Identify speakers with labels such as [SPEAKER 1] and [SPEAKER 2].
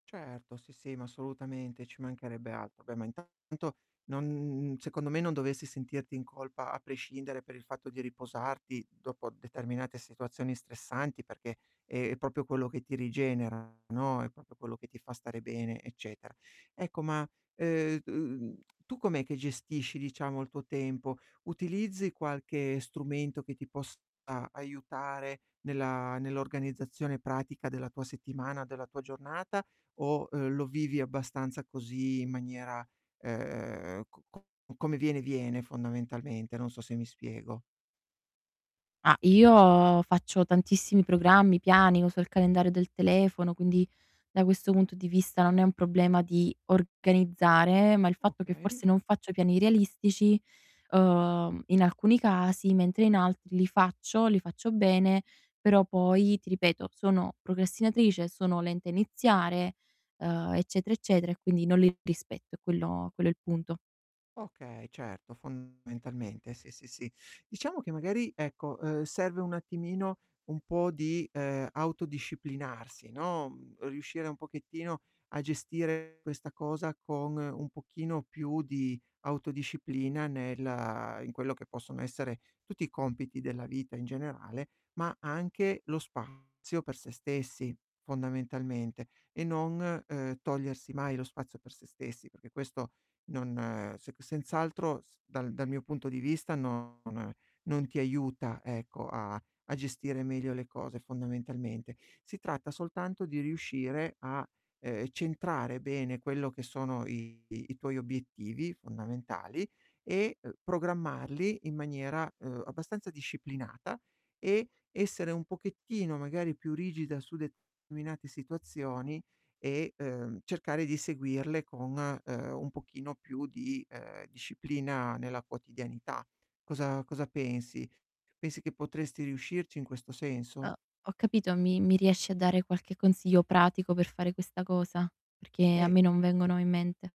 [SPEAKER 1] Certo, sì, sì, ma assolutamente, ci mancherebbe altro. Beh, ma intanto non n n secondo me non dovessi sentirti in colpa a prescindere per il fatto di riposarti dopo determinate situazioni stressanti, perché è proprio quello che ti rigenera, no, è proprio quello che ti fa fa stare bene, eccetera. Ecco ma, ehm, uhm, tu com'è che gestisci diciamo il tuo tempo? Utilizzi qualche strumento che ti possa aiutare nella nell'organizzazione pratica della tua settimana, della tua giornata o, uhm, lo vivi abbastanza così in maniera, ehm, co co come viene viene fondamentalmente, non so se mi spiego?
[SPEAKER 2] Ma, io faccio tantissimi programmi, piani, uso il calendario del telefono, quindi da questo punto di vista non è un problema di organizzare, ma il fatto che
[SPEAKER 1] Okay.
[SPEAKER 2] forse non faccio piani realistici, uhm, in alcuni casi, mentre in altri li faccio, li faccio bene, però poi ti ripeto sono procrastinatrice, sono lenta a iniziare, uhm, eccetera, eccetera e quindi non li rispetto è quello quello è il punto.
[SPEAKER 1] Okay, certo, fondamentalmente sì, sì, sì. Diciamo che magari ecco, ehm, serve un attimino un po' di, ehm, autodisciplinarsi, no, uhm, riuscire un pochettino a gestire questa cosa con un pochino più di autodisciplina nella in quello che possono essere tutti i compiti della vita in generale, ma anche lo spazio per se stessi fondamentalmente, e non, uhm, togliersi mai lo spazio per se stessi, perché questo non ehm, se senz'altro s dal dal mio punto di vista non non ti aiuta ecco a a gestire meglio le cose, fondamentalmente. Si tratta soltanto di riuscire a, ehm, centrare bene quello che sono i i tuoi obiettivi fondamentali e, ehm, programmarli in maniera, uhm, abbastanza disciplinata e essere un pochettino, magari, più rigida su determinate situazioni e, uhm, cercare di seguirle con, ehm, un pochino più di, ehm, disciplina nella quotidianità. Cosa cosa pensi? Pensi che potresti riuscirci in questo senso?
[SPEAKER 2] Uhm, ho capito mi mi riesci a dare qualche consiglio pratico per fare questa cosa? Perché a
[SPEAKER 1] Eh
[SPEAKER 2] me non vengono in mente.